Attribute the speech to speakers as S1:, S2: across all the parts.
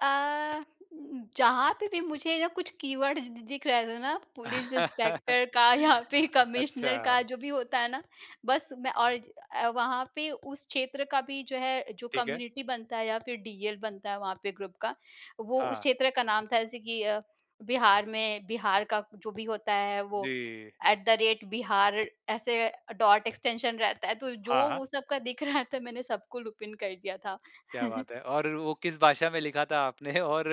S1: अ, जहाँ पे भी मुझे जब कुछ कीवर्ड्स द दिख रहे थे ना पुलिस इंस्पेक्टर का या फिर कमिश्नर
S2: अच्छा।
S1: का जो भी होता है ना, बस मैं और अ, वहाँ पे उस क्षेत्र का भी जो है जो
S2: ठीक है।
S1: कम्युनिटी बनता है या फिर डीएल बनता है वहाँ पे ग्रुप का वो उस
S2: हाँ।
S1: क्षेत्र का नाम था। जैसे कि अ, बिहार में बिहार का जो भी होता है वो
S2: जी।
S1: एट द रेट बिहार ऐसे डॉट एक्सटेंशन रहता है तो जो
S2: हाँ, हाँ।
S1: वो सब का दिख रहा था मैंने सबको लूप इन कर दिया था।
S2: क्या बात है। और वो किस भाषा में लिखा था आपने और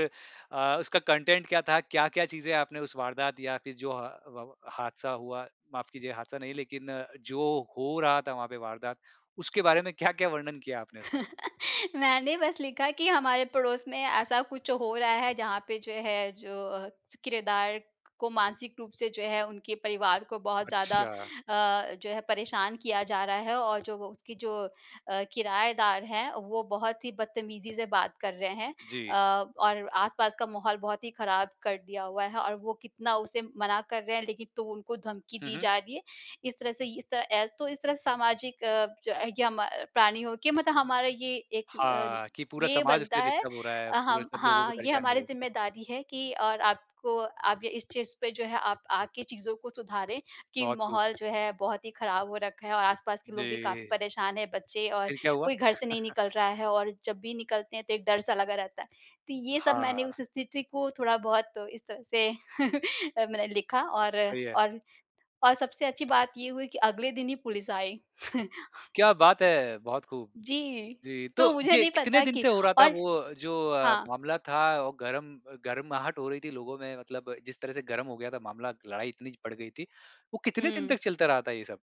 S2: अ, उसका अ, कंटेंट क्या था? क्या-क्या चीज़ें आपने उस वारदात या फिर जो हा व हादसा हुआ, माफ़ कीजिए हादसा नहीं लेकिन जो हो रहा था वहाँ पे वारदात, उसके बारे में क्या-क्या वर्णन किया आपने उसमें?
S1: मैंने बस लिखा कि हमारे पड़ोस में ऐसा कुछ हो रहा है जहाँ पे जो है जो अ, किरायेदार को मानसिक रूप से जो है उनके परिवार को बहुत ज़्यादा
S2: अच्छा।
S1: अ, जो है परेशान किया जा रहा है और जो उसकी जो अ, किराएदार हैं वो बहुत ही बदतमीज़ी से बात कर रहे हैं।
S2: जी।
S1: अ, और आसपास का माहौल बहुत ही ख़राब कर दिया हुआ है और वो कितना उसे मना कर रहे हैं लेकिन तो वो उनको धमकी
S2: हुँ,
S1: दी
S2: हुँ।
S1: जा रही है, इस तरह से इस तरह एस तो इस तरह से सामाजिक या म प्राणी होके मतलब हमारा ये एक अ,
S2: हाँ। कि पूरा
S1: ये
S2: समाज
S1: बनता
S2: इससे
S1: है
S2: डिस्टर्ब हो रहा है,
S1: अ,
S2: पूरे
S1: हम
S2: सब लोगों को
S1: हाँ, ये
S2: परेशानी हो
S1: हमारी
S2: रही है।
S1: ज़िम्मेदारी है कि और आपको अब इस चीज़ पे जो है आप आ के चीज़ों को सुधारें, कि
S2: बहुत खूब।
S1: माहौल जो है बहुत ही ख़राब हो रखा है। और आस-पास के लोग भी काफ़ी
S2: जी।
S1: परेशान हैं बच्चे और
S2: फिर क्या हुआ?
S1: कोई घर से नहीं निकल रहा है और जब भी निकलते हैं तो एक डर-सा लगा रहता है। तो ये सब मैंने
S2: हाँ।
S1: उस स्थिति को थोड़ा-बहुत इस तरह से अ, मैंने लिखा और
S2: सही है।
S1: और और सबसे अच्छी बात ये हुई कि अगले दिन ही पुलिस आई।
S2: क्या बात है। बहुत खूब।
S1: जी,
S2: जी, तो
S1: तो मुझे
S2: ये
S1: नहीं
S2: कितने
S1: पता
S2: दिन
S1: कि
S2: से हो रहा था
S1: और
S2: वो जो अ,
S1: हाँ।
S2: मामला था और गरम गरमाहट हो रही थी लोगों में मतलब जिस तरह से गरम हो गया था मामला लड़ाई इतनी बढ़ गई थी, वो कितने दिन
S1: हुँ।
S2: तक चलता रहा था ये सब?